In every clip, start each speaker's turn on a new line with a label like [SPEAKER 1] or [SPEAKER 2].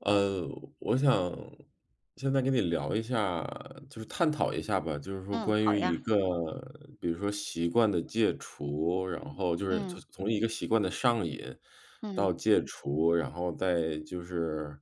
[SPEAKER 1] 呃，我想现在跟你聊一下，就是探讨一下吧。就是说，
[SPEAKER 2] 嗯，
[SPEAKER 1] 关
[SPEAKER 2] 好
[SPEAKER 1] 于一
[SPEAKER 2] 呀。
[SPEAKER 1] 个比如说习惯的戒除，然
[SPEAKER 2] 嗯。
[SPEAKER 1] 后就是
[SPEAKER 2] 嗯。
[SPEAKER 1] 从从一个习惯的上瘾到
[SPEAKER 2] 嗯。
[SPEAKER 1] 戒除，然后再就是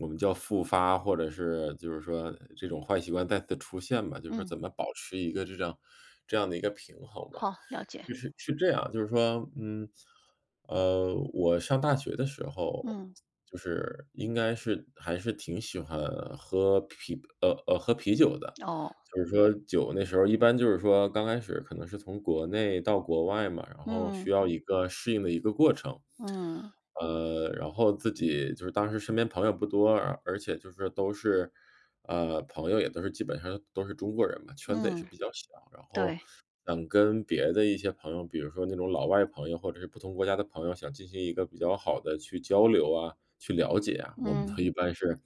[SPEAKER 1] 我们叫复发，或者是就是说这种坏习惯再次出现吧就是说，
[SPEAKER 2] 嗯。
[SPEAKER 1] 怎么保持一个这这样这样的一个平衡吧。
[SPEAKER 2] 好，了解。
[SPEAKER 1] 就是是这样就是说，嗯，呃，我上大学的时候，
[SPEAKER 2] 嗯。
[SPEAKER 1] 就是应该是还是挺喜欢喝啤啤呃呃，喝啤酒的，
[SPEAKER 2] 哦。
[SPEAKER 1] 就是说酒那时候一般就是说，刚开始可能是从国内到国外嘛，然后需
[SPEAKER 2] 嗯。
[SPEAKER 1] 要一个适应的一个过程。
[SPEAKER 2] 嗯。
[SPEAKER 1] 呃，然后自己就是当时身边朋友不多，而且就是都是呃，朋友也都是基本上是都是中国人嘛，圈子也是
[SPEAKER 2] 嗯。
[SPEAKER 1] 比较小。然后
[SPEAKER 2] 对。
[SPEAKER 1] 想跟别的一些朋友，比如说那种老外朋友或者是不同国家的朋友，想进行一个比较好地去交流啊、去了解啊。我们
[SPEAKER 2] 嗯。
[SPEAKER 1] 都一般是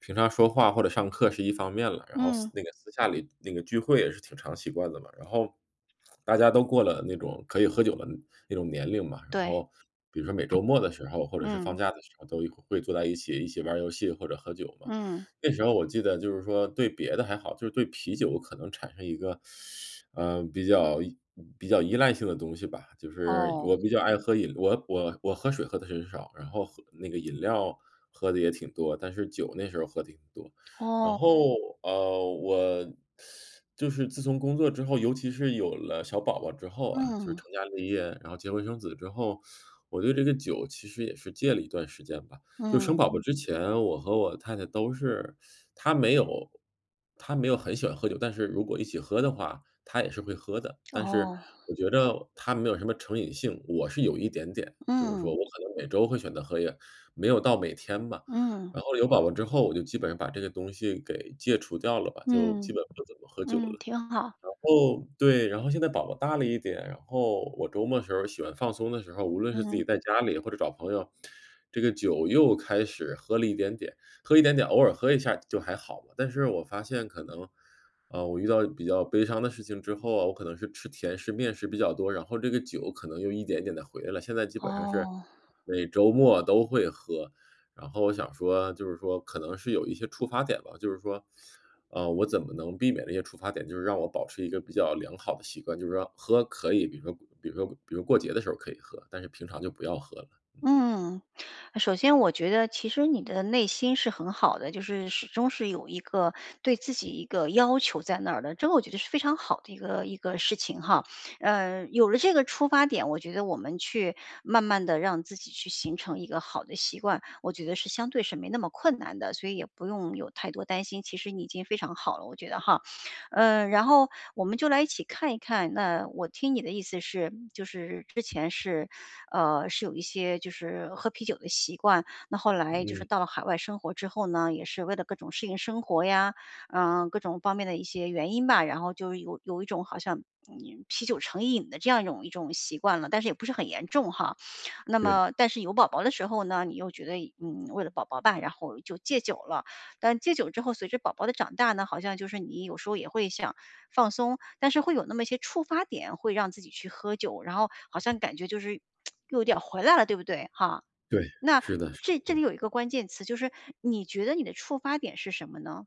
[SPEAKER 1] 平常说话或者上课是一方面了，然后私
[SPEAKER 2] 嗯。
[SPEAKER 1] 那个，私下里那个聚会也是挺常习惯的嘛。然后大家都过了那种可以喝酒的那种年龄嘛，然
[SPEAKER 2] 对。
[SPEAKER 1] 后比如说每周末的时候，或者是放
[SPEAKER 2] 嗯。
[SPEAKER 1] 假的时候，都一块儿会坐在一起，一起玩儿游戏或者喝酒嘛。
[SPEAKER 2] 嗯。
[SPEAKER 1] 那时候我记得，就是说，对别的还好，就是对啤酒可能产生一个 呃，比较依嗯，比较依赖性的东西吧，就是
[SPEAKER 2] 哦。
[SPEAKER 1] 我比较爱喝饮我我我喝水喝得很少，然后喝那个，饮料喝得也挺多，但是酒那时候喝挺多。然
[SPEAKER 2] 哦。
[SPEAKER 1] 后，呃，我 就是自从工作之后，尤其是有了小宝宝之后啊就是
[SPEAKER 2] 嗯。
[SPEAKER 1] 成家立业，然后结婚生子之后，我对这个酒其实也是戒了一段时间吧。就生
[SPEAKER 2] 嗯。
[SPEAKER 1] 宝宝之前，我和我太太都是她没有她没有很喜欢喝酒，但是如果一起喝的话，她也是会喝的。但是
[SPEAKER 2] 哦。
[SPEAKER 1] 我觉着她没有什么成瘾性，我是有一点点就是说，
[SPEAKER 2] 嗯。
[SPEAKER 1] 我可能每周会选择喝一点没有到每天吧。
[SPEAKER 2] 嗯。
[SPEAKER 1] 然后有宝宝之后，我就基本上把这个东西给戒除掉了吧，就
[SPEAKER 2] 嗯，
[SPEAKER 1] 基本不怎么喝酒
[SPEAKER 2] 嗯，
[SPEAKER 1] 了。
[SPEAKER 2] 挺好。
[SPEAKER 1] 然后对，然后现在宝宝大了一点，然后我周末的时候儿喜欢放松的时候儿，无论是自己
[SPEAKER 2] 嗯。
[SPEAKER 1] 在家里或者找朋友，这个酒又开始喝了一点点。喝了一点点，偶尔喝一下儿就还好嘛，但是我发现可能，啊，我遇到比较悲伤的事情之后啊，我可能是吃甜食、面食比较多，然后这个酒可能又一点一点地回来了，现在基本上是
[SPEAKER 2] 哦。
[SPEAKER 1] 每周末都会喝。然后我想说就是说可能是有一些触发点吧就是说，啊，我怎么能避免那些触发点，就是让我保持一个比较良好的习惯就是说，喝可以，比如说比如说比如过节的时候儿可以喝，但是平常就不要喝了。嗯。
[SPEAKER 2] 嗯，首先我觉得其实你的内心是很好的，就是始终是有一个对自己一个要求在那儿的，这个我觉得是非常好的一个一个事情哈。呃，有了这个出发点，我觉得我们去慢慢地让自己去形成一个好的习惯，我觉得是相对是没那么困难的，所以也不用有太多担心，其实你已经非常好了，我觉得哈。嗯，然后我们就来一起看一看，那我听你的意思是就是之前是，呃，是有一些就是喝啤酒的习惯，那后来就是
[SPEAKER 1] 嗯。
[SPEAKER 2] 到了海外生活之后呢，也是为了各种适应生活呀，嗯，各种方面的一些原因吧，然后就有有一种好像，嗯，啤酒成瘾的这样一种一种习惯了，但是也不是很严重哈。那
[SPEAKER 1] 对。
[SPEAKER 2] 么但是有宝宝的时候呢，你又觉得一嗯，为了宝宝吧，然后就戒酒了，但戒酒之后，随着宝宝的长大呢，好像就是你有时候也会想放松，但是会有那么些触发点会让自己去喝酒，然后好像感觉 就是又有点儿回来了，对不对哈？
[SPEAKER 1] 对，
[SPEAKER 2] 那
[SPEAKER 1] 是的是
[SPEAKER 2] 这这里
[SPEAKER 1] 的。
[SPEAKER 2] 有一个关键词，就是你觉得你的触发点是什么呢？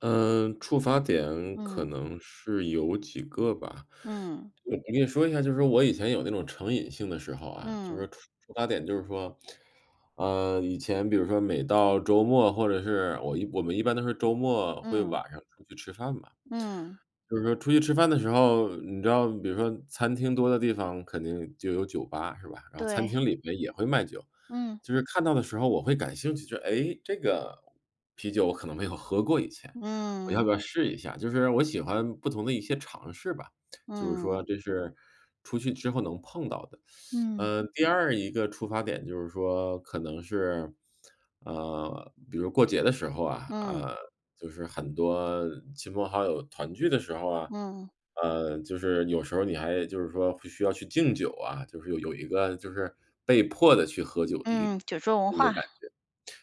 [SPEAKER 1] 嗯，触发点可
[SPEAKER 2] 嗯。
[SPEAKER 1] 能是有几个吧。
[SPEAKER 2] 嗯。
[SPEAKER 1] 嗯，我跟你说一下，就是说我以前有那种成瘾性的时候啊，就是说
[SPEAKER 2] 嗯。
[SPEAKER 1] 触触发点就是说，呃，以前比如说每到周末或者是我一我们一般都是周末会
[SPEAKER 2] 嗯。
[SPEAKER 1] 晚上出去吃饭吧。
[SPEAKER 2] 嗯。
[SPEAKER 1] 就是说出去吃饭的时候，你知道比如说餐厅多的地方肯定就有酒吧，是吧？然后餐
[SPEAKER 2] 对。
[SPEAKER 1] 厅里面也会卖酒。
[SPEAKER 2] 嗯。
[SPEAKER 1] 就是看到的时候我会感兴趣，就是，诶，这个啤酒我可能没有喝过以前，我要
[SPEAKER 2] 嗯。
[SPEAKER 1] 不要试一下？就是我喜欢不同的一些尝试吧，就是
[SPEAKER 2] 嗯。
[SPEAKER 1] 说这是出去之后能碰到的。
[SPEAKER 2] 嗯。
[SPEAKER 1] 呃，第二一个触发点就是说可能是，呃，比如说过节的时候啊，
[SPEAKER 2] 嗯。
[SPEAKER 1] 啊，就是很多亲朋好友团聚的时候啊。
[SPEAKER 2] 嗯。
[SPEAKER 1] 呃，就是有时候你还就是说必须要去敬酒啊，就是有有一个就是被迫地去喝酒一
[SPEAKER 2] 嗯，酒桌文
[SPEAKER 1] 的一个
[SPEAKER 2] 化。
[SPEAKER 1] 感觉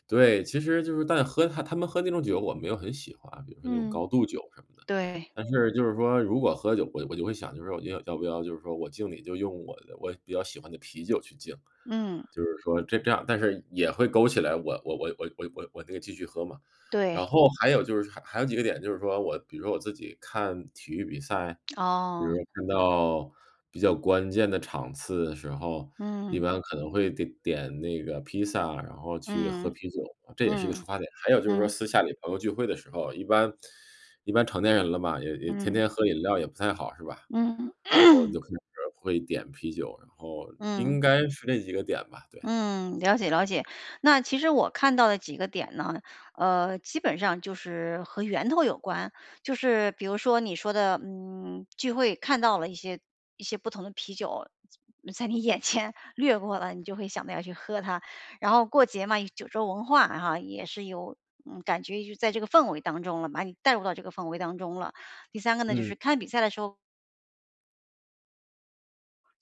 [SPEAKER 1] 对，其实就是当你喝他他们喝那种酒我没有很喜欢，比如说那种
[SPEAKER 2] 嗯。
[SPEAKER 1] 高度酒什么的。
[SPEAKER 2] 对。
[SPEAKER 1] 但是就是说如果喝酒，我我就会想，就是我觉得要不要就是说我敬你就用我的我比较喜欢的啤酒去敬，
[SPEAKER 2] 嗯。
[SPEAKER 1] 就是说这这样但是也会勾起来，我我我我我我我那个继续喝嘛。然
[SPEAKER 2] 对。
[SPEAKER 1] 后还有就是还还有几个点，就是说我比如我自己看体育比赛，比如
[SPEAKER 2] 哦。
[SPEAKER 1] 说看到比较关键的场次的时候，一
[SPEAKER 2] 嗯。
[SPEAKER 1] 般可能会得点那个披萨，然后去喝
[SPEAKER 2] 嗯，
[SPEAKER 1] 啤酒，这也是一个触
[SPEAKER 2] 嗯，
[SPEAKER 1] 发点。还有就是说
[SPEAKER 2] 嗯。
[SPEAKER 1] 私下里朋友聚会的时候，一般一般成年人了嘛，也也天
[SPEAKER 2] 嗯。
[SPEAKER 1] 天喝饮料也不太好，是吧？然
[SPEAKER 2] 嗯。
[SPEAKER 1] 后 就开始会点啤酒。然后应
[SPEAKER 2] 嗯。
[SPEAKER 1] 该是那几个点吧，对。
[SPEAKER 2] 嗯，了解了解。那其实我看到的几个点呢，呃，基本上就是和源头有关。就是比如说你说的，嗯，聚会看到了一些一些不同的啤酒，在你眼 前掠过了，你就会想到要去喝它。然后过节嘛，酒桌文化，然后也是有，嗯，感觉就在这个氛围当中了，把你带入到这个氛围当中了。第三个呢就是
[SPEAKER 1] 嗯。
[SPEAKER 2] 看比赛的时候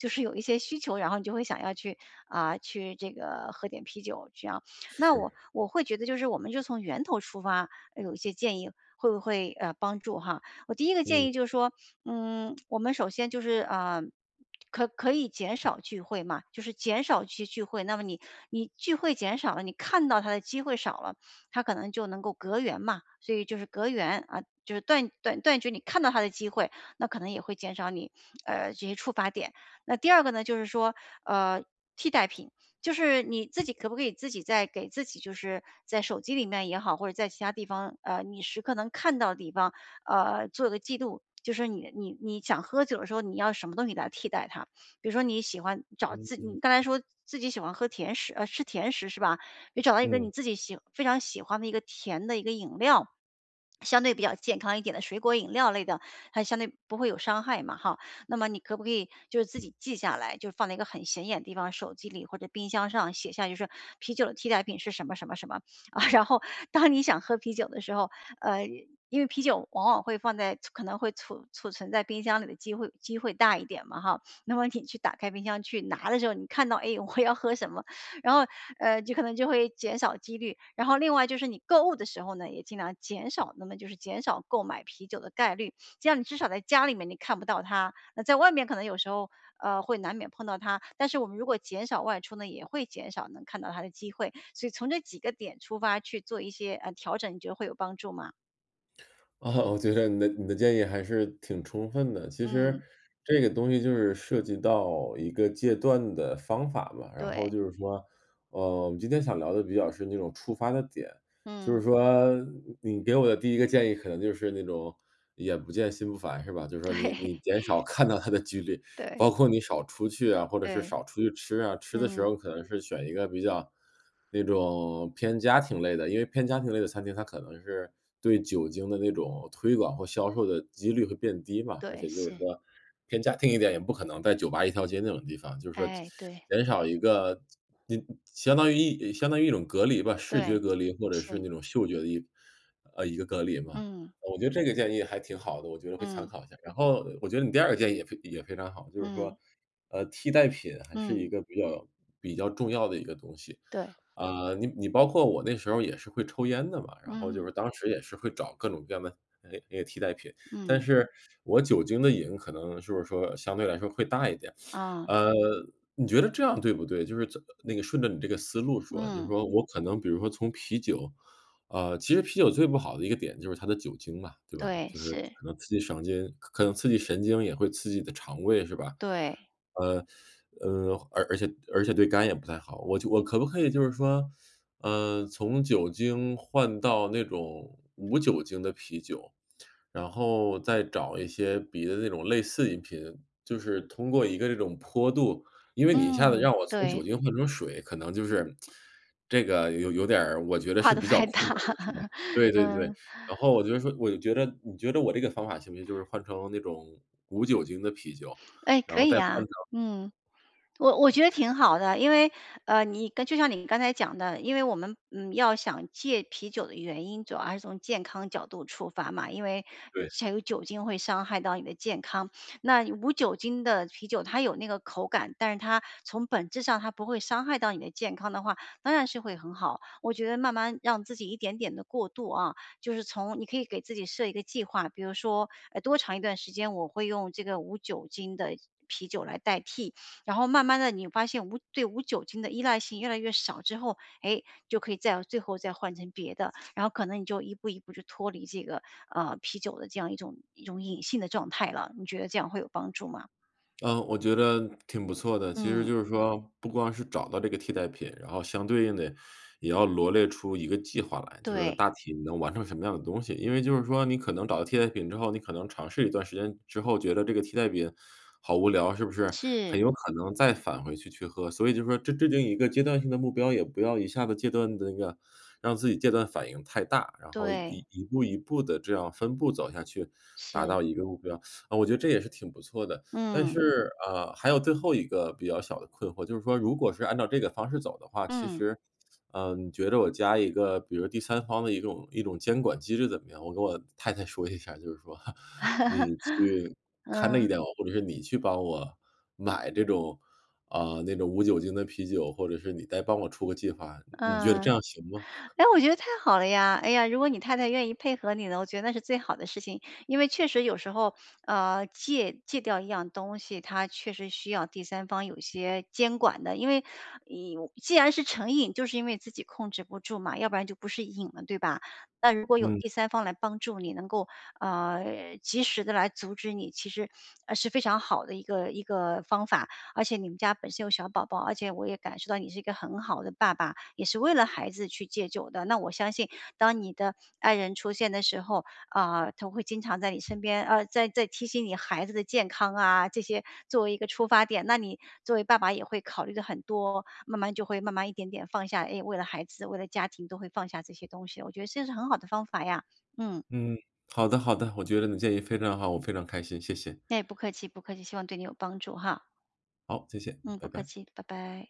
[SPEAKER 2] 就是有一些需求，然后你就会想要去呃，去这个喝点啤酒这样，那我
[SPEAKER 1] 是。
[SPEAKER 2] 我会觉得就是我们就从源头出发，呃，有一些建议会不会，呃，帮助哈。我第一个建
[SPEAKER 1] 嗯。
[SPEAKER 2] 议就是说，嗯，我们首先就是，呃，可可以减少聚会嘛，就是减少去聚聚会，那么你你聚会减少了，你看到它的机会少了，它可能就能够隔缘嘛，所以就是隔缘啊，就是断断断绝你看到它的机会，那可能也会减少你，呃，这些触发点。那第二个呢就是说，呃，替代品。就是你自己可不可以自己再给自己就是在手机里面也好，或者在其它地方，呃，你时刻能看到的地方，呃，做个记录，就是你你你想喝酒的时候，你要什么东西来替代它。比如说你喜欢找
[SPEAKER 1] 嗯
[SPEAKER 2] 自
[SPEAKER 1] 嗯。
[SPEAKER 2] 你刚才说自己喜欢喝甜食呃，吃甜食是吧？你找到一个你
[SPEAKER 1] 嗯。
[SPEAKER 2] 自己喜非常喜欢的一个甜的一个饮料，相对比较健康一点的水果饮料类的，还相对不会有伤害嘛哈，那么你可不可以就是自己记下来，就放在一个很显眼的地方，手机里或者冰箱上写下就是啤酒的替代品是什么什么什么，啊，然后当你想喝啤酒的时候，呃，因为啤酒往往会放在存可能会储储存在冰箱里的机会机会大一点嘛哈，那么你去打开冰箱去拿的时候，你看到，诶，我要喝什么，然后，呃，就可能就会减少几率。然后另外就是你购物的时候呢，也尽量减少那么就是减少购买啤酒的概率，这样你至少在家里面你看不到它，那在外面可能有时候，呃，会难免碰到它。但是我们如果减少外出呢，也会减少能看到它的机会。所以从这几个点出发去做一些，呃，调整，你觉得会有帮助吗？
[SPEAKER 1] 哦，我觉得你的你的建议还是挺充分的。其实，
[SPEAKER 2] 嗯。
[SPEAKER 1] 这个东西就是涉及到一个戒断的方法嘛，然后
[SPEAKER 2] 对。
[SPEAKER 1] 就是说，呃，今天想聊得比较深那种触发的点，就是
[SPEAKER 2] 嗯。
[SPEAKER 1] 说，你给我的第一个建议可能就是那种，眼不见心不烦，是吧？就说你
[SPEAKER 2] 对。
[SPEAKER 1] 你减少看到它的几率，
[SPEAKER 2] 对。
[SPEAKER 1] 包括你少出去啊，或者是
[SPEAKER 2] 对。
[SPEAKER 1] 少出去吃啊，吃的时
[SPEAKER 2] 嗯。
[SPEAKER 1] 候可能是选一个比较，那种偏家庭类的，因为偏家庭类的餐厅，它可能是对酒精的那种推广和销售的几率会变低嘛，而
[SPEAKER 2] 对，
[SPEAKER 1] 且就是
[SPEAKER 2] 是。
[SPEAKER 1] 说偏家庭一点，也不可能在酒吧一条街那种地方，就是说减
[SPEAKER 2] 哎，对。
[SPEAKER 1] 减少一个，几相当于相当于一种隔离吧，视觉
[SPEAKER 2] 对，
[SPEAKER 1] 隔离或者是
[SPEAKER 2] 是。
[SPEAKER 1] 那种嗅觉的一呃，一个隔离嘛，
[SPEAKER 2] 嗯。
[SPEAKER 1] 我觉得这个建议还挺好的，我觉得会参
[SPEAKER 2] 嗯。
[SPEAKER 1] 考一下。然后我觉得你第二个建议也非也非常好，就是说，
[SPEAKER 2] 嗯。
[SPEAKER 1] 呃，替代品还是
[SPEAKER 2] 嗯。
[SPEAKER 1] 一个比较比较重要的一个东西。
[SPEAKER 2] 对。
[SPEAKER 1] 啊，你你包括我那时候也是会抽烟的嘛，然后就
[SPEAKER 2] 嗯。
[SPEAKER 1] 是，当时也是会找各种各样的，哎，那个替代品，但
[SPEAKER 2] 嗯。
[SPEAKER 1] 是我酒精的瘾可能就是说相对来说会大一点。
[SPEAKER 2] 啊。
[SPEAKER 1] 呃，你觉得这样对不对？就是，那个顺着你这个思路说，就
[SPEAKER 2] 嗯。
[SPEAKER 1] 说我可能比如说从啤酒呃，其实啤酒最不好的一个点就是它的酒精嘛，对吧？
[SPEAKER 2] 对，
[SPEAKER 1] 就是
[SPEAKER 2] 是。
[SPEAKER 1] 可能刺激神经可能刺激神经也会刺激你的肠胃是吧？
[SPEAKER 2] 对。
[SPEAKER 1] 呃，呃，而而且而且对肝也不太好，我觉我可不可以就是说，呃，从酒精换到那种无酒精的啤酒，然后再找一些别的那种类似饮品，就是通过一个这种坡度因为你一下子
[SPEAKER 2] 嗯，
[SPEAKER 1] 让我从酒
[SPEAKER 2] 对。
[SPEAKER 1] 精换成水，可能就是 这个有有点儿我觉得
[SPEAKER 2] 跨
[SPEAKER 1] 是
[SPEAKER 2] 得
[SPEAKER 1] 比较
[SPEAKER 2] 太
[SPEAKER 1] 困
[SPEAKER 2] 大。
[SPEAKER 1] 难的是吧？对对对。
[SPEAKER 2] 嗯。
[SPEAKER 1] 然后我觉得说我就觉得你觉得我这个方法行不行，就是换成那种无酒精的啤酒，
[SPEAKER 2] 哎，
[SPEAKER 1] 然
[SPEAKER 2] 可
[SPEAKER 1] 后再
[SPEAKER 2] 以
[SPEAKER 1] 换
[SPEAKER 2] 啊，
[SPEAKER 1] 成
[SPEAKER 2] 嗯。我我觉得挺好的，因为，呃，你就像你刚才讲的，因为我们，嗯，要想戒啤酒的原因主要还是从健康角度出发嘛，因为，
[SPEAKER 1] 对。
[SPEAKER 2] 才有酒精会伤害到你的健康，那无酒精的啤酒它有那个口感，但是它从本质上它不会伤害到你的健康的话，当然是会很好，我觉得慢慢让自己一点点的过度啊，就是从你可以给自己设一个计划，比如说，哎，多长一段时间，我会用这个无酒精的啤酒来代替，然后慢慢地你发现无对无酒精的依赖性越来越少之后，哎，就可以再最后再换成别的，然后可能你就一步一步就脱离这个，呃，啤酒的这样一种一种瘾性的状态了，你觉得这样会有帮助吗？
[SPEAKER 1] 呃，我觉得挺不错的，其实
[SPEAKER 2] 嗯。
[SPEAKER 1] 就是说，不光是找到这个替代品，然后相对应地，也要罗列出一个计划来，就是
[SPEAKER 2] 对。
[SPEAKER 1] 大体能完成什么样的东西，因为就是说，你可能找到替代品之后，你可能尝试一段时间之后，觉得这个替代品好无聊，是不是？很
[SPEAKER 2] 是。
[SPEAKER 1] 有可能再返回去去喝，所以就说这制定一个阶段性的目标，也不要一下子戒断地那个 让自己戒断反应太大，然后
[SPEAKER 2] 对。
[SPEAKER 1] 一步一步地这样分步走下去，达到
[SPEAKER 2] 是。
[SPEAKER 1] 一个目标。啊，我觉得这也是挺不错的。但
[SPEAKER 2] 嗯。
[SPEAKER 1] 是，呃，还有最后一个比较小的困惑，就是说如果是按照这个方式走的话，其
[SPEAKER 2] 嗯。
[SPEAKER 1] 实，呃，你觉得我加一个比如第三方的一种一种监管机制怎么样？我跟我太太说一下儿，就是说，你去 看着一
[SPEAKER 2] 嗯。
[SPEAKER 1] 点我，或者是你去帮我买这种啊，那种无酒精的啤酒，或者是你再帮我出个计划，你你觉得这
[SPEAKER 2] 嗯。
[SPEAKER 1] 样行吗？
[SPEAKER 2] 哎，我觉得太好了呀，哎呀，如果你太太愿意配合你的，我觉得那是最好的事情，因为确实有时候，呃，戒戒掉一样东西，它确实需要第三方有些监管的，因为你，既然是成瘾，就是因为自己控制不住嘛，要不然就不是瘾了，对吧？那如果有
[SPEAKER 1] 嗯。
[SPEAKER 2] 第三方来帮助你能够，呃，及时地来阻止你，其实是非常好的一个一个方法，而且你们家本身有小宝宝，而且我也感受到你是一个很好的爸爸，也是为了孩子去戒酒的，那我相信，当你的爱人出现的时候，啊，她会经常在你身边，啊，在在提醒你孩子的健康啊，这些作为一个出发点，那你作为爸爸也会考虑得很多，慢慢就会慢慢一点点放下，哎，为了孩子，为了家庭都会放下这些东西，我觉得这是很好的方法呀，嗯。
[SPEAKER 1] 嗯，好的好的，我觉得你建议非常好，我非常开心，谢谢。
[SPEAKER 2] 哎，不客气不客气，希望对你有帮助哈。
[SPEAKER 1] 好，谢谢，
[SPEAKER 2] 嗯，不
[SPEAKER 1] 拜
[SPEAKER 2] 客
[SPEAKER 1] 拜。
[SPEAKER 2] 气，拜拜。